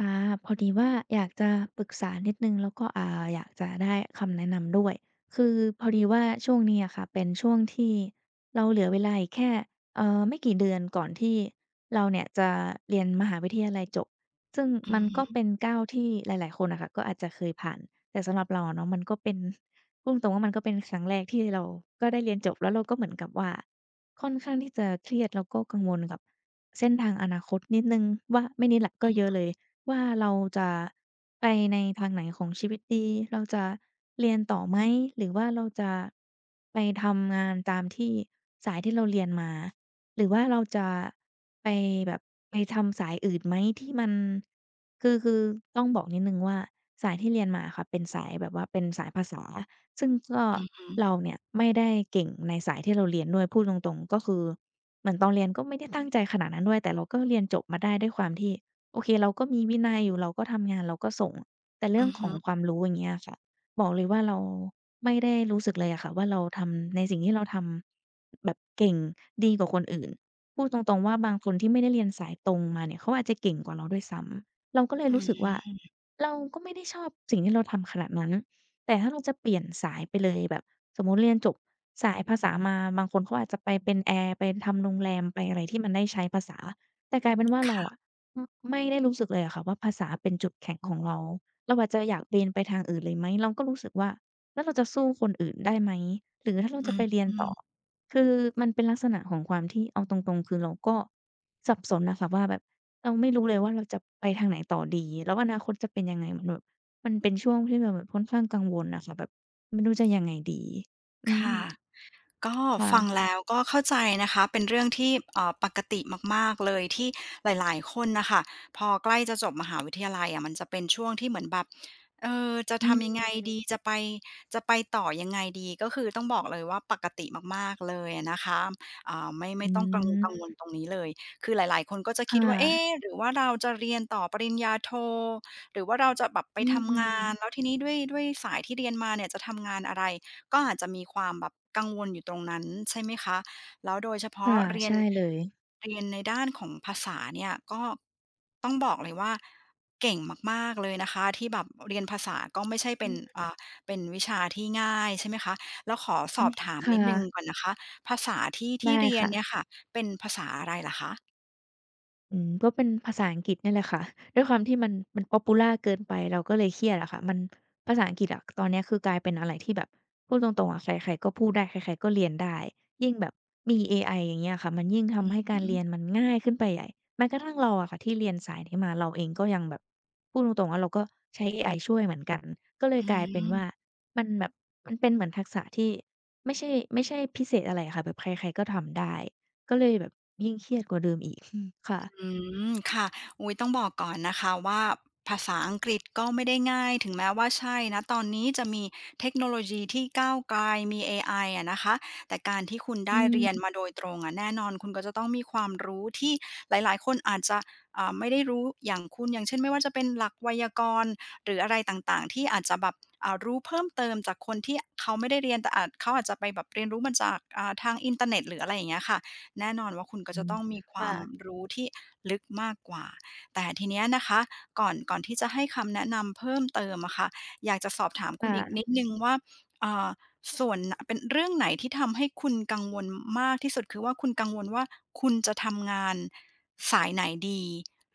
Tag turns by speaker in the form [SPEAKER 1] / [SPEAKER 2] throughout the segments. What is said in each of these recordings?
[SPEAKER 1] อา พอดีว่าอยากจะปรึกษานิดหนึ่ง แล้วก็ อ่า อยากจะได้คำแนะนำด้วย คือพอดีว่าช่วงนี้อะค่ะ เป็นช่วงที่เราเหลือเวลาอีกแค่ เอ่อ ไม่กี่เดือนก่อนที่เราเนี่ยจะเรียนมหาวิทยาลัยจบ ซึ่ง
[SPEAKER 2] อื
[SPEAKER 1] มั
[SPEAKER 2] อ
[SPEAKER 1] น
[SPEAKER 2] ฮ
[SPEAKER 1] ก็
[SPEAKER 2] ึ
[SPEAKER 1] เป็นก้าวที่หลาย ๆ คนอะค่ะก็อาจจะเคยผ่าน แต่สำหรับเราอะเนาะ มันก็เป็น พูดตรง ๆ ว่ามันก็เป็นครั้งแรกที่เราก็ได้เรียนจบ แล้วเราก็เหมือนกับว่าค่อนข้างที่จะเครียด แล้วก็กังวลกับเส้นทางอนาคตนิดหนึ่งว่า ไม่นิดล่ะ ก
[SPEAKER 2] ค
[SPEAKER 1] ็เยอ
[SPEAKER 2] ่
[SPEAKER 1] ะ
[SPEAKER 2] ะ
[SPEAKER 1] เลยว่า "เราจะไปในทางไหนของชีวิตดี? เราจะเรียนต่อไหม?" หรือว่า "เราจะไปทำงานตามที่สายที่เราเรียนมา" หรือว่า "เราจะไปแบบไปทำสายอื่นไหม? ที่มัน" คือ คือต้องบอกนิดหนึ่งว่า สายที่เรียนมาอะค่ะ เป็นสายแบบว่าเป็นสายภาษา ซึ่งก็
[SPEAKER 2] อือฮึ
[SPEAKER 1] เราเนี่ยไม่ได้เก่งในสายที่เราเรียนด้วย พูดตรง ๆ ก็คือเหมือนตอนเรียนก็ไม่ได้ตั้งใจขนาดนั้นด้วย แต่เราก็เรียนจบมาได้ด้วยความที่ โอเค เราก็มีวินัยอยู่ เราก็ทำงาน เราก็ส่ง แต่เร
[SPEAKER 2] อ
[SPEAKER 1] ื่
[SPEAKER 2] ื
[SPEAKER 1] อง
[SPEAKER 2] อฮ
[SPEAKER 1] ของ
[SPEAKER 2] ึ
[SPEAKER 1] ความรู้ อย่างเงี้ยค่ะ บอกเลยว่า เราไม่ได้รู้สึกเลยอะค่ะว่า เราทำ ในสิ่งที่เราทำ แบบเก่ง ดีกว่าคนอื่น พูดตรง ๆ ว่าบางคนที่ไม่ได้เรียนสายตรงมาเนี่ย เขาอาจจะเก่งกว่าเราด้วยซ้ำ เราก็เล
[SPEAKER 2] อ
[SPEAKER 1] ย
[SPEAKER 2] ื
[SPEAKER 1] รู้สึกว่า
[SPEAKER 2] ม
[SPEAKER 1] เราก็ไม่ได้ชอบสิ่งที่เราทำขนาดนั้น แต่ถ้าเราจะเปลี่ยนสายไปเลย แบบสมมุติเรียนจบสายภาษามา บางคนเขาอาจจะไปเป็นแอร์ ไปทำโรงแรม ไปอะไรที่มันได้ใช้ภาษา แต่กลายเป็นว่า
[SPEAKER 2] ค
[SPEAKER 1] เรา
[SPEAKER 2] ่
[SPEAKER 1] อ
[SPEAKER 2] ะ
[SPEAKER 1] ะ อือ ไม่ได้รู้สึกเลยอะค่ะว่าภาษาเป็นจุดแข็งของเรา เราอาจจะอยากเบนไปทางอื่นเลยไหม เราก็รู้สึกว่า "แล้วเราจะสู้คนอื่นได้ไหม?" หรือถ้าเร
[SPEAKER 2] อ
[SPEAKER 1] าจะไปเรียน
[SPEAKER 2] ื
[SPEAKER 1] ต่อ
[SPEAKER 2] ม
[SPEAKER 1] คือมันเป็นลักษณะของความที่ เอาตรง ๆ คือเราก็สับสนอะค่ะว่า แบบเราไม่รู้เลยว่าเราจะไปทางไหนต่อดี แล้วอนาคตจะเป็นยังไง มันแบบ มันเป็นช่วงที่เราแบบค่อนข้างกังวลอะค่ะ แบบ "ไม่รู้จะยังไงดี?" อื
[SPEAKER 2] ค่ะ
[SPEAKER 1] ม
[SPEAKER 2] ก็
[SPEAKER 1] ค่
[SPEAKER 2] ฟั
[SPEAKER 1] ะ
[SPEAKER 2] งแล้วก็เข้าใจนะคะ เป็นเรื่องที่ เอ่อ ปกติมาก ๆ เลย ที่หลาย ๆ คนน่ะค่ะ พอใกล้จะจบมหาวิทยาลัยอะ มันจะเป็นช่วงที่เหมือนแบบ เอ่อ "จะ
[SPEAKER 1] อื
[SPEAKER 2] ทำยังไ
[SPEAKER 1] ม
[SPEAKER 2] งดี? จะไป จะไปต่อยังไงดี?" ก็คือต้องบอกเลยว่าปกติมาก ๆ เลยอะนะคะ อ่า ไม่ ไม
[SPEAKER 1] อื
[SPEAKER 2] ่ต้องกังวล กังวล
[SPEAKER 1] ม
[SPEAKER 2] ตรงนี้เลย คือหลาย ๆ คนก็จะ
[SPEAKER 1] ค
[SPEAKER 2] ค
[SPEAKER 1] ่
[SPEAKER 2] ิดว่า "เอ๊
[SPEAKER 1] ะ
[SPEAKER 2] หรือว่าเราจะเรียนต่อปริญญาโท? หรือว่าเราจะแบบไป
[SPEAKER 1] อื
[SPEAKER 2] ทำงาน?"
[SPEAKER 1] ม
[SPEAKER 2] แล้วทีนี้ "ด้วย ด้วยสายที่เรียนมาเนี่ยจะทำงานอะไร?" ก็อาจจะมีความแบบกังวลอยู่ตรงนั้น ใช่ไหมคะ แล้วโดยเฉพ
[SPEAKER 1] ค
[SPEAKER 2] า
[SPEAKER 1] ่
[SPEAKER 2] ะ
[SPEAKER 1] ะ
[SPEAKER 2] เรีย
[SPEAKER 1] ใช
[SPEAKER 2] น
[SPEAKER 1] ่เลย
[SPEAKER 2] เรียนในด้านของภาษาเนี่ย ก็ ต้องบอกเลยว่า เก่งมาก ๆ เลยนะคะ ที่แบบเรียนภาษาก็ไม่ใช่เ
[SPEAKER 1] อ
[SPEAKER 2] ป็
[SPEAKER 1] ื
[SPEAKER 2] น
[SPEAKER 1] ม
[SPEAKER 2] อ่า เป็นวิชาที่ง่าย ใช่ไหมคะ แล้วขอส
[SPEAKER 1] อื
[SPEAKER 2] อบ
[SPEAKER 1] อ
[SPEAKER 2] ถาม
[SPEAKER 1] ค
[SPEAKER 2] น
[SPEAKER 1] ่
[SPEAKER 2] ิดหนึ่ง
[SPEAKER 1] ะ
[SPEAKER 2] ก่อนนะคะ ภาษาที่ ท
[SPEAKER 1] ไ
[SPEAKER 2] ี
[SPEAKER 1] ด้
[SPEAKER 2] ่เรีย
[SPEAKER 1] ค
[SPEAKER 2] น
[SPEAKER 1] ่ะ
[SPEAKER 2] เนี่ยค่ะ เป็นภาษาอะไรเหรอคะ?
[SPEAKER 1] อืม ก็เป็นภาษาอังกฤษนี่แหละค่ะ ด้วยความที่มัน มันพ็อปพิวลาร์เกินไป เราก็เลยเครียดอะค่ะ มันภาษาอังกฤษอะ ตอนเนี้ยคือกลายเป็นอะไรที่แบบพูดตรง ๆ อะ ใคร ๆ ก็พูดได้ ใคร ๆ ก็เรียนได้ ยิ่งแบบมีเอไอ อย่างเงี้ยค่ะ มันยิ่งท
[SPEAKER 2] อื
[SPEAKER 1] ำใ
[SPEAKER 2] อ
[SPEAKER 1] ห้
[SPEAKER 2] ฮ
[SPEAKER 1] การเร
[SPEAKER 2] ึ
[SPEAKER 1] ียนมันง่ายขึ้นไปใหญ่ แม้กระทั่งเราอะค่ะ ที่เรียนสายนี้มาเราเองก็ยังแบบ พูดตรง ๆ ว่า เราก็ใช้เอไอช่วยเหมือนกัน ก็เล
[SPEAKER 2] อ
[SPEAKER 1] ย
[SPEAKER 2] ื
[SPEAKER 1] กลายเป็นว่า
[SPEAKER 2] ม
[SPEAKER 1] มันแบบ มันเป็นเหมือนทักษะที่ไม่ใช่ ไม่ใช่พิเศษอะไรอะค่ะ แบบใคร ๆ ก็ทำได้ ก็เลยแบบยิ่งเครียดกว่าเดิมอีก อืม ค่
[SPEAKER 2] อ
[SPEAKER 1] ะ
[SPEAKER 2] ืม ค่ะ อุ๊ย ต้องบอกก่อนนะคะว่า ภาษาอังกฤษก็ไม่ได้ง่าย ถึงแม้ว่าใช่ ณ ตอนนี้จะมีเทคโนโลยีที่ก้าวไกล มีเอไออะนะคะ แต่การที่คุณไ
[SPEAKER 1] อ
[SPEAKER 2] ด
[SPEAKER 1] ื
[SPEAKER 2] ้เรีย
[SPEAKER 1] ม
[SPEAKER 2] นมาโดยตรงอะ แน่นอนคุณก็จะต้องมีความรู้ที่หลาย ๆ คนอาจจะ อ่า ไม่ได้รู้อย่างคุณ อย่างเช่น ไม่ว่าจะเป็นหลักไวยากรณ์ หรืออะไรต่าง ๆ ที่อาจจะแบบ อ่า รู้เพิ่มเติมจากคนที่เขาไม่ได้เรียน แต่อาจ เขาอาจจะไปแบบเรียนรู้มาจาก อ่า ทางอินเทอร์เน็ตหรือ อะไรอย่างเงี้ยค่ะ แน่นอนว่าคุณก็
[SPEAKER 1] อื
[SPEAKER 2] จะ
[SPEAKER 1] ม
[SPEAKER 2] ต้องมีคว
[SPEAKER 1] ค่
[SPEAKER 2] าม
[SPEAKER 1] ะ
[SPEAKER 2] รู้ที่ลึกมากกว่า แต่ทีเนี้ยนะคะ ก่อน ก่อนที่จะให้คำแนะนำเพิ่มเติมอะค่ะ อยากจะสอบถาม
[SPEAKER 1] ค
[SPEAKER 2] คุ
[SPEAKER 1] ่
[SPEAKER 2] ณอีกนิ
[SPEAKER 1] ะ
[SPEAKER 2] ดหนึ่งว่า อ่า ส่วน เป็นเรื่องไหนที่ทำให้คุณกังวลมากที่สุด คือว่าคุณกังวลว่าคุณจะทำงานสายไหนดี?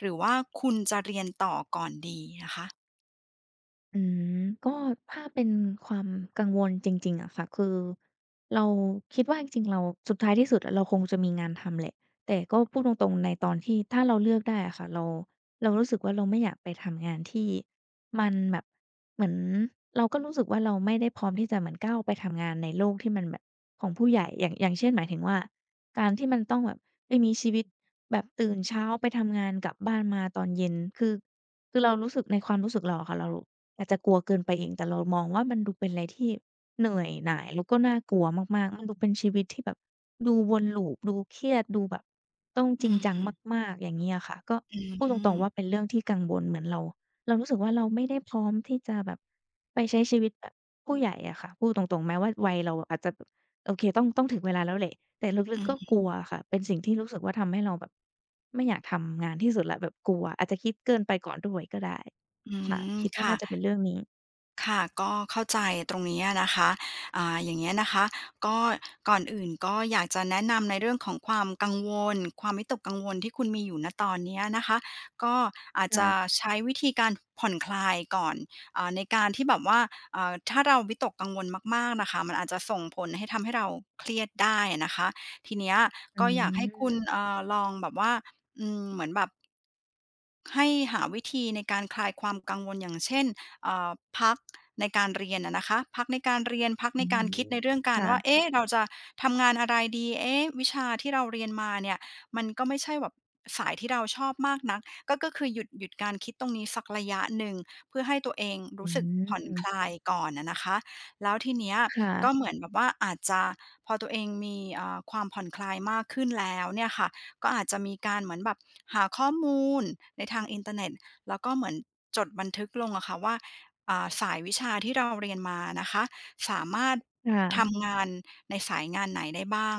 [SPEAKER 2] หรือว่าคุณจะเรียนต่อก่อนดีนะคะ?
[SPEAKER 1] อืม ก็ถ้าเป็นความกังวลจริง ๆ อะค่ะ คือเราคิดว่าจริง ๆ เรา สุดท้ายที่สุดเราคงจะมีงานทำแหละ แต่ก็พูดตรง ๆ ในตอนที่ ถ้าเราเลือกได้อะค่ะ เรา เรารู้สึกว่า เราไม่อยากไปทำงานที่ มันแบบ เหมือนเราก็รู้สึกว่า เราไม่ได้พร้อมที่จะก้าวไปทำงานในโลกที่มันแบบของผู้ใหญ่ อย่าง อย่างเช่นหมายถึงว่า "การที่มันต้องแบบไปมีชีวิตแบบตื่นเช้าไปทำงาน กลับบ้านมาตอนเย็น" คือ คือเรารู้สึกในความรู้สึกเราอะค่ะ เราอาจจะกลัวเกินไปเอง แต่เรามองว่ามันดูเป็นอะไรที่เหนื่อยหน่าย แล้วก็น่ากลัวมาก ๆ มันดูเป็นชีวิตที่แบบดูวน loop ดูเครียด ดูแบบต้อง
[SPEAKER 2] อื
[SPEAKER 1] จริง
[SPEAKER 2] อ
[SPEAKER 1] จั
[SPEAKER 2] ฮ
[SPEAKER 1] ง
[SPEAKER 2] ึ
[SPEAKER 1] มาก ๆ อย่างงี้อะค่ะ ก็
[SPEAKER 2] อื
[SPEAKER 1] พูดตรง ๆ ว
[SPEAKER 2] ม
[SPEAKER 1] ่าเป็นเรื่องที่กังวล เหมือนเรา เรารู้สึกว่า เราไม่ได้พร้อมที่จะแบบไปใช้ชีวิตแบบผู้ใหญ่อะค่ะ พูดตรง ๆ แม้ว่าวัยเราอาจจะ โอเค ต้อง ต้องถึงเวลาแล้วแหละ แต่ลึ
[SPEAKER 2] อื
[SPEAKER 1] ก ๆ
[SPEAKER 2] อ
[SPEAKER 1] ก็
[SPEAKER 2] ฮ
[SPEAKER 1] ก
[SPEAKER 2] ึ
[SPEAKER 1] ลัวอะค่ะ เป็นสิ่งที่รู้สึกว่าทำให้เราแบบไม่อยากทำงานที่สุดแล้ว แบบกลัว อาจจะคิดเกินไปก่อนด้วยก็ได้
[SPEAKER 2] อื
[SPEAKER 1] ค่ะ
[SPEAKER 2] ม
[SPEAKER 1] คิดว
[SPEAKER 2] ค
[SPEAKER 1] ่า
[SPEAKER 2] ่
[SPEAKER 1] น่า
[SPEAKER 2] ะ
[SPEAKER 1] จะเป็นเรื่องนี้
[SPEAKER 2] ค่ะ ก็เข้าใจตรงนี้อะนะคะ อ่า อย่างเงี้ยนะคะ ก็ก่อนอื่นก็อยากจะแนะนำในเรื่องของความกังวล ความวิตกกังวลที่คุณมีอยู่ ณ ตอนนี้นะคะ ก็อาจ
[SPEAKER 1] ใช
[SPEAKER 2] จะ
[SPEAKER 1] ่
[SPEAKER 2] ใช้วิธีการผ่อนคลายก่อน อ่า ในการที่แบบว่า อ่า ถ้าเราวิตกกังวลมาก ๆ นะคะ มันอาจจะส่งผลให้ทำให้เราเครียดได้อะนะคะ ทีเนี้ย
[SPEAKER 1] อื
[SPEAKER 2] ก็อยากให้คุณ
[SPEAKER 1] ม
[SPEAKER 2] เอ่อ ลองแบบว่า อืม เหมือนแบบ ให้หาวิธีในการคลายความกังวล อย่างเช่น เอ่อ พักในการเรียนอะนะคะ พักในการเรียน พัก
[SPEAKER 1] อ
[SPEAKER 2] ใน
[SPEAKER 1] ื
[SPEAKER 2] กา
[SPEAKER 1] ม
[SPEAKER 2] รคิดในเรื่องกา
[SPEAKER 1] ค
[SPEAKER 2] ร
[SPEAKER 1] ่
[SPEAKER 2] ว่
[SPEAKER 1] ะ
[SPEAKER 2] า เอ๊ะ! เราจะทำงานอะไรดี เอ๊ะ! วิชาที่เราเรียนมาเนี่ย มันก็ไม่ใช่แบบสายที่เราชอบมากนัก ก็ ก็คือ หยุด หยุดการคิดตรงนี้สักระยะหนึ่ง เพื่อให้ตัวเองร
[SPEAKER 1] อื
[SPEAKER 2] ู้สึกผ่อนค
[SPEAKER 1] ม
[SPEAKER 2] ลายก่อนอะนะคะ แล้วทีเนี้ย
[SPEAKER 1] ค่
[SPEAKER 2] ก
[SPEAKER 1] ะ
[SPEAKER 2] ็เหมือนแบบว่าอาจจะ พอตัวเองมี อ่า ความผ่อนคลายมากขึ้นแล้วเนี่ยค่ะ ก็อาจจะมีการเหมือนแบบหาข้อมูลในทางอินเทอร์เน็ต ก็เหมือนจดบันทึกลงอะค่ะว่า อ่า สายวิชาที่เราเรียนมานะคะ สามารถ
[SPEAKER 1] ค่
[SPEAKER 2] ท
[SPEAKER 1] ะ
[SPEAKER 2] ำงานในสายงานไหนได้บ้าง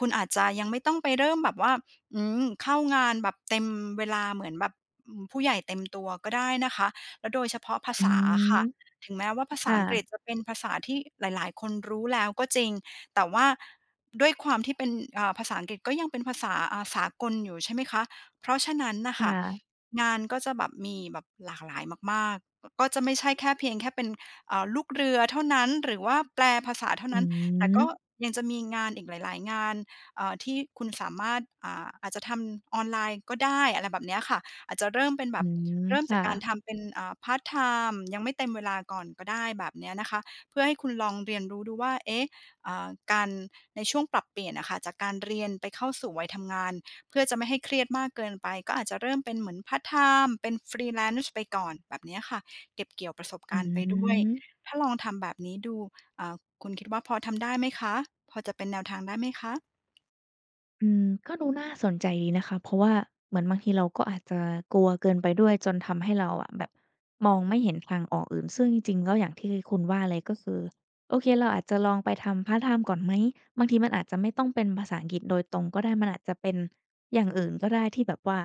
[SPEAKER 2] คุณอาจจะยังไม่ต้องไปเริ่มแบบว่า อืม เข้างานแบบเต็มเวลาเหมือนแบบ อืม ผู้ใหญ่เต็มตัวก็ได้นะคะ แล้วโดยเฉพาะภา
[SPEAKER 1] อื
[SPEAKER 2] ษาอ
[SPEAKER 1] ม
[SPEAKER 2] ะค่ะ ถึงแม้ว่าภา
[SPEAKER 1] ค
[SPEAKER 2] ษา
[SPEAKER 1] ่
[SPEAKER 2] อังกฤษ
[SPEAKER 1] ะ
[SPEAKER 2] จะเป็นภาษาที่หลาย ๆ คนรู้แล้วก็จริง แต่ว่าด้วยความที่เป็น อ่า ภาษาอังกฤษก็ยังเป็นภาษา อ่า สากลอยู่ ใช่ไหมคะ เพราะฉะนั้นน่ะ
[SPEAKER 1] ค
[SPEAKER 2] ค
[SPEAKER 1] ่
[SPEAKER 2] ่ะ
[SPEAKER 1] ะ
[SPEAKER 2] งานก็จะแบบมี แบบหลากหลายมาก ๆ ก็จะไม่ใช่แค่เพียงแค่เป็น อ่า ลูกเรือเท่านั้น หรือว่าแปลภาษาเท่า
[SPEAKER 1] อ
[SPEAKER 2] น
[SPEAKER 1] ื
[SPEAKER 2] ั้น แต่ก็
[SPEAKER 1] ม
[SPEAKER 2] ยังจะมีงานอีกหลาย ๆ งาน เอ่อ ที่คุณสามารถ อ่า อาจจะทำออนไลน์ก็ได้ อะไรแบบเนี้ยค่ะ จะเริ่มเป็นแบ
[SPEAKER 1] อื
[SPEAKER 2] บ
[SPEAKER 1] ม
[SPEAKER 2] เริ่ม
[SPEAKER 1] ค
[SPEAKER 2] จา
[SPEAKER 1] ่
[SPEAKER 2] กการ
[SPEAKER 1] ะ
[SPEAKER 2] ทำเป็น อ่า พาร์ตไทม์ ยังไม่เต็มเวลาก่อนก็ได้ แบบเนี้ยนะคะ เพื่อให้คุณลองเรียนรู้ดูว่า เอ๊ะ! อ่า การ ในช่วงปรับเปลี่ยนอะค่ะ จากการเรียนไปเข้าสู่วัยทำงาน เพื่อจะไม่ให้เครียดมากเกินไป ก็อาจจะเริ่มเป็นเหมือนพาร์ตไทม์ เป็น Freelance ไปก่อน แบบเนี้ยค่ะ เก็บเกี่ยวประสบ
[SPEAKER 1] อ
[SPEAKER 2] การณ์ไปด้วย
[SPEAKER 1] ืม
[SPEAKER 2] ถ้าลองทำแบบนี้ดู อ่า คุณคิดว่าพอทำได้ไหมคะ? พอจะเป็นแนวทางได้ไหมคะ?
[SPEAKER 1] อืม ก็ดูน่าสนใจดีนะคะ เพราะว่าเหมือนบางทีเรา ก็อาจจะกลัวเกินไปด้วยจนทำให้เราแบบ มองไม่เห็นทางออกอื่น ซึ่งจริง ๆ ก็อย่างที่คุณว่าเลย ก็คือ โอเค เราอาจจะลองไปทำพาร์ตไทม์ก่อนไหม บางทีมันอาจจะไม่ต้องเป็นภาษาอังกฤษโดยตรงก็ได้ มันอาจจะเป็นอย่างอื่นก็ได้ที่แบบว่า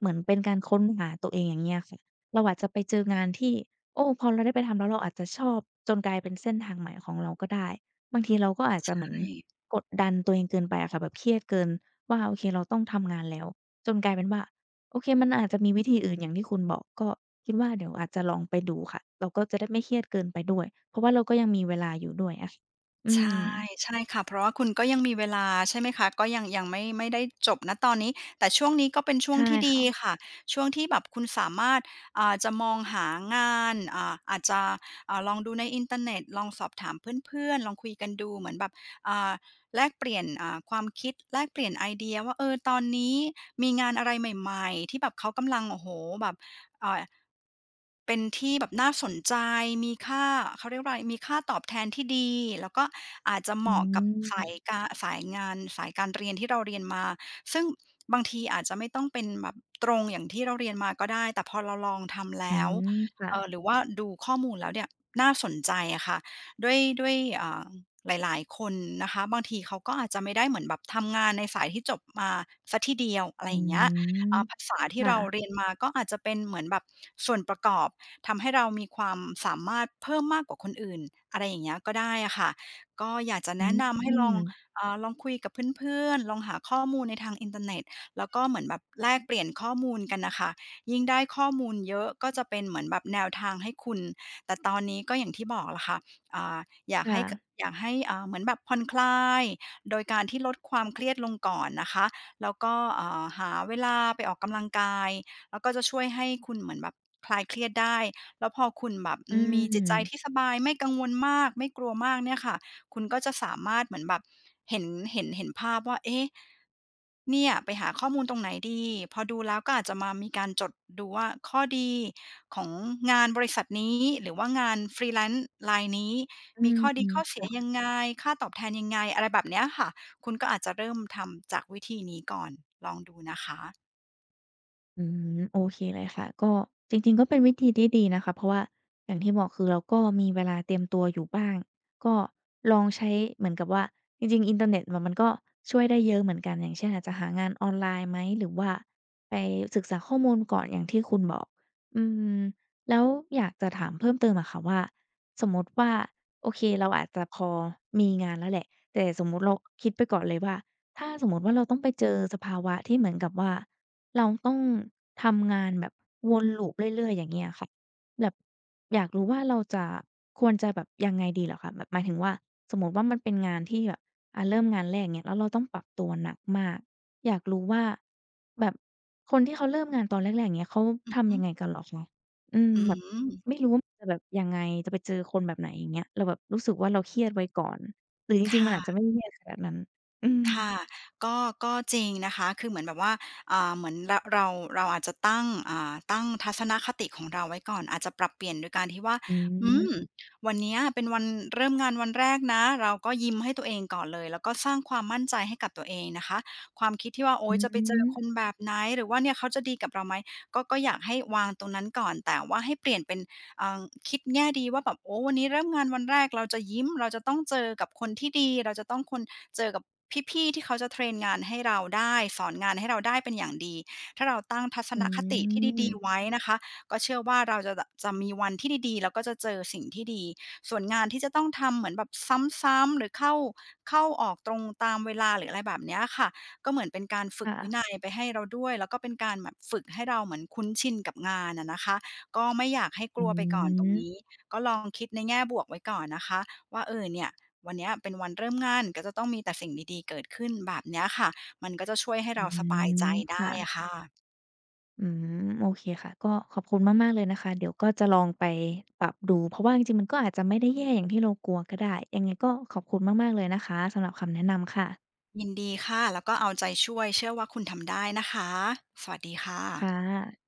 [SPEAKER 1] เหมือนเป็นการค้นหาตัวเองอย่างเงี้ยค่ะ เราอาจจะไปเจองานที่ โอ้! พอเราได้ไปทำแล้วเราอาจจะชอบจนกลายเป็นเส้นทางใหม่ของเราก็ได้ บางทีเราก็อาจ
[SPEAKER 2] ใ
[SPEAKER 1] จ
[SPEAKER 2] ช
[SPEAKER 1] ะเหมือน
[SPEAKER 2] ่
[SPEAKER 1] กดดันตัวเองเกินไปอะค่ะ แบบเครียดเกินว่าโอเคเราต้องทำงานแล้ว จนกลายเป็นว่า โอเคมันอาจจะมีวิธีอื่นอย่างที่คุณบอก ก็คิดว่าเดี๋ยวอาจจะลองไปดูค่ะ เราก็จะได้ไม่เครียดเกินไปด้วย เพราะว่าเราก็ยังมีเวลาอยู่ด้วยอะ อื
[SPEAKER 2] ใช่
[SPEAKER 1] ม
[SPEAKER 2] ใช่ค่ะ เพราะว่าคุณก็ยังมีเวลาใช่ไหมคะ ก็ยัง ยังไม่ ไม่ได้จบ ณ ตอนนี้ แต่ช่วงนี้ ก็เป็นช
[SPEAKER 1] ใ
[SPEAKER 2] ่
[SPEAKER 1] ช
[SPEAKER 2] วง
[SPEAKER 1] ่
[SPEAKER 2] ที่ด
[SPEAKER 1] ค
[SPEAKER 2] ี
[SPEAKER 1] ่ะ
[SPEAKER 2] ค่ะ ช่วงที่แบบคุณสามารถ อ่า จะมองหางาน อ่า อาจจะ อ่า ลองดูในอินเทอร์เน็ต ลองสอบถามเพื่อน ๆ ลองคุยกันดูเหมือนแบบ อ่า แลกเปลี่ยน อ่า ความคิด แลกเปลี่ยนไอเดียว่า เออ ตอนนี้มีงานอะไรใหม่ ๆ ที่แบบเขากำลัง โอ้โฮ! แบบ อ่า เป็นที่แบบน่าสนใจ มีค่า เขาเรียกว่าอะไร มีค่าตอบแทนที่ดี แล้วก็อาจจะเห
[SPEAKER 1] อ
[SPEAKER 2] มาะกับสาย
[SPEAKER 1] ืม
[SPEAKER 2] การ สายงาน สายการเรียนที่เราเรียนมา ซึ่งบางทีอาจจะไม่ต้องเป็นแบบตรงอย่างที่เราเรียนมาก็ได้ แต่พอเราลองทำแล
[SPEAKER 1] อื
[SPEAKER 2] ้ว
[SPEAKER 1] ม ค่
[SPEAKER 2] เอ่
[SPEAKER 1] ะ
[SPEAKER 2] อ หรือว่าดูข้อมูลแล้วเนี่ย น่าสนใจอะค่ะ ด้วย ด้วย อ่า หลาย ๆ คนนะคะ บางทีเขาก็อาจจะไม่ได้เหมือนแบบ ทำงานในสายที่จบมาเสียทีเดียว อะไร
[SPEAKER 1] อื
[SPEAKER 2] อย่างเงี้ย อ่
[SPEAKER 1] ม
[SPEAKER 2] า ภาษาที
[SPEAKER 1] ค
[SPEAKER 2] ่
[SPEAKER 1] ่
[SPEAKER 2] เราเร
[SPEAKER 1] ะ
[SPEAKER 2] ียนมาก็อาจจะเป็นเหมือนแบบส่วนประกอบ ทำให้เรามีความสามารถเพิ่มมากกว่าคนอื่น อะไรอย่างเงี้ย ก็ได้อะค่ะ ก็อยากจะ
[SPEAKER 1] อ
[SPEAKER 2] แน
[SPEAKER 1] ื
[SPEAKER 2] ะนำให้ลอง
[SPEAKER 1] ม
[SPEAKER 2] อ่า ลองคุยกับเพื่อน ๆ ลองหาข้อมูลในทางอินเทอร์เน็ต แล้วก็เหมือนแบบแลกเปลี่ยนข้อมูลกันน่ะค่ะ ยิ่งได้ข้อมูลเยอะ ก็จะเป็นเหมือนแบบแนวทางให้คุณ แต่ตอนนี้ก็อย่างที่บอกแหละค่ะ อ่า อยา
[SPEAKER 1] ค
[SPEAKER 2] กให
[SPEAKER 1] ่
[SPEAKER 2] ้ ก
[SPEAKER 1] ะ
[SPEAKER 2] อยากให้ อ่า เหมือนแบบผ่อนคลาย โดยการที่ลดความเครียดลงก่อนนะคะ แล้วก็ อ่า หาเวลาไปออกกำลังกาย แล้วก็จะช่วยให้คุณเหมือนแบบคลายเครียดได้ แล้วพอคุณแบบ
[SPEAKER 1] อื
[SPEAKER 2] มีจิตใจ
[SPEAKER 1] ม
[SPEAKER 2] ที่สบาย ไม่กังวลมาก ไม่กลัวมากเนี่ยค่ะ คุณก็จะสามารถเหมือนแบบ เห็น เห็น เห็นภาพว่า เอ๊ะ! เนี่ย ไปหาข้อมูลตรงไหนดี พอดูแล้วก็อาจจะมามีการจดดูว่าข้อดีของงานบริษัทนี้ หรือว่างาน Freelance รายนี้
[SPEAKER 1] อื
[SPEAKER 2] มี
[SPEAKER 1] ม
[SPEAKER 2] ข้อ
[SPEAKER 1] ฮ
[SPEAKER 2] ดี
[SPEAKER 1] ึ
[SPEAKER 2] ข้อเส
[SPEAKER 1] ค
[SPEAKER 2] ี
[SPEAKER 1] ่
[SPEAKER 2] ย
[SPEAKER 1] ะ
[SPEAKER 2] ยังไง? ค่าตอบแทนยังไง? อะไรแบบเนี้ยค่ะ คุณก็อาจจะเริ่มทำจากวิธีนี้ก่อน ลองดูนะคะ
[SPEAKER 1] อืม โอเคเลยค่ะ ก็จริง ๆ ก็เป็นวิธีที่ดีนะคะ เพราะว่าอย่างที่บอก คือเราก็มีเวลาเตรียมตัวอยู่บ้าง ก็ลองใช้เหมือนกับว่า จริง ๆ อินเทอร์เน็ตมันก็ช่วยได้เยอะเหมือนกัน อย่างเช่น อาจจะหางานออนไลน์ไหม หรือว่าไปศึกษาข้อมูลก่อนอย่างที่คุณบอก อืม แล้วอยากจะถามเพิ่มเติมอะค่ะว่า สมมติว่า โอเคเราอาจจะพอมีงานแล้วแหละ แต่สมมุติเราคิดไปก่อนเลยว่า "ถ้าสมมติว่าเราต้องไปเจอสภาวะที่เหมือนกับว่า เราต้องทำงาน แบบ'วนลูปเรื่อย ๆ' อย่างเงี้ยอะค่ะ" แบบอยากรู้ว่าเราจะ ควรจะแบบยังไงดีเหรอคะ แบบหมายถึงว่าสมมติว่า มันเป็นงานที่แบบเริ่มงานแรก อย่างเงี้ย แล้วเราต้องปรับตัวหนักมาก อยากรู้ว่า แบบคนที่เขาเริ่มงานตอนแรก ๆ อย่างเงี้ย เขา
[SPEAKER 2] อื
[SPEAKER 1] ท
[SPEAKER 2] อฮ
[SPEAKER 1] ำย
[SPEAKER 2] ึ
[SPEAKER 1] ังไงกันเหรอคะ? อืม
[SPEAKER 2] อื
[SPEAKER 1] แบบ
[SPEAKER 2] ม
[SPEAKER 1] ไม่รู้ ว่ามันจะแบบยังไง จะไปเจอคนแบบไหน อย่างเงี้ย เราแบบรู้สึกว่าเราเครียดไว้ก่อน หรือจ
[SPEAKER 2] ค
[SPEAKER 1] ริง ๆ
[SPEAKER 2] ่
[SPEAKER 1] มันอาจ
[SPEAKER 2] ะ
[SPEAKER 1] จะไม่ เครียดขนาดนั้น อื
[SPEAKER 2] ค่
[SPEAKER 1] ม
[SPEAKER 2] ะ ก็ ก็จริงนะคะ คือเหมือนแบบว่า อ่า เหมือน ร เรา เราอาจจะตั้ง อ่า ตั้งทัศนคติของเราไว้ก่อน อาจจะปรับเปลี่ยนโดยการที่ว่า
[SPEAKER 1] อื
[SPEAKER 2] อื
[SPEAKER 1] ม
[SPEAKER 2] ม "วันนี้เป็นวันเริ่มงานวันแรกนะ เราก็ยิ้มให้ตัวเองก่อนเลย แล้วก็สร้างความมั่นใจให้กับตัวเองนะคะ" ความคิดที่ว่า โอ๊
[SPEAKER 1] อื
[SPEAKER 2] ย! จะไปเจอ ค
[SPEAKER 1] ม
[SPEAKER 2] นแบบไหน? หรือว่าเนี่ยเขาจะดีกับเราไหม? ก็ ก็อยากให้วางตรงนั้นก่อน แต่ว่าให้เปลี่ยนเป็น อ่า คิดแง่ดีว่าแบบ โอ้ "วันนี้เริ่มงานวันแรกเราจะยิ้ม เราจะต้องเจอกับคนที่ดี เราจะต้องคน เจอกับพี่ ๆ ที่เขาจะเทรนงานให้เราได้ สอนงานให้เราได้เป็นอย่างดี" ถ้าเราตั้งทัศ
[SPEAKER 1] อ
[SPEAKER 2] นคติที่ดี ๆ
[SPEAKER 1] ืม
[SPEAKER 2] ไว้นะคะ ก็เชื่อว่าเราจะแบบ จะมีวันที่ดี ๆ แล้วก็จะเจอสิ่งที่ดี ส่วนงานที่จะต้องทำเหมือนแบบซ้ำ ๆ หรือ เข้า เข้าออกตรงตามเวลา หรืออะไรแบบเนี้ยค่ะ ก็เหมือนเป็นการฝึ
[SPEAKER 1] ค
[SPEAKER 2] ก
[SPEAKER 1] ่
[SPEAKER 2] วิ
[SPEAKER 1] ะ
[SPEAKER 2] นัยไปให้เราด้วย แล้วก็เป็นการแบบฝึกให้เราเหมือนคุ้นชินกับงานอะนะคะ ก็ไม่อยากให้ก
[SPEAKER 1] อ
[SPEAKER 2] ล
[SPEAKER 1] ื
[SPEAKER 2] ัวไปก่อนตรงน
[SPEAKER 1] ม
[SPEAKER 2] ี้ ก็ลองคิดในแง่บวกไว้ก่อนนะคะ ว่า เออ เนี่ย วันนี้เป็นวันเริ่มงาน ก็จะต้องมีแต่สิ่งดี ๆ เกิดขึ้นแบบนี้ค่ะ มันก็จะช่วยให้
[SPEAKER 1] อ
[SPEAKER 2] เ
[SPEAKER 1] ื
[SPEAKER 2] ราสบายใจ
[SPEAKER 1] ม
[SPEAKER 2] ได
[SPEAKER 1] ค
[SPEAKER 2] ้
[SPEAKER 1] ่
[SPEAKER 2] อ
[SPEAKER 1] ะ
[SPEAKER 2] ะค่ะ
[SPEAKER 1] อืม โอเคค่ะ ก็ขอบคุณมาก ๆ เลยนะคะ เดี๋ยวก็จะลองไปปรับดูเพราะว่า จริง ๆ มันก็อาจจะไม่ได้แย่อย่างที่เรากลัวก็ได้ ยังไงก็ขอบคุณมาก ๆ เลยนะคะ สำหรับคำแนะนำค่ะ
[SPEAKER 2] ยินดีค่ะ แล้วก็เอาใจช่วย เชื่อว่าคุณทำได้นะคะ สวัสดีค่
[SPEAKER 1] ค
[SPEAKER 2] ะ
[SPEAKER 1] ่ะ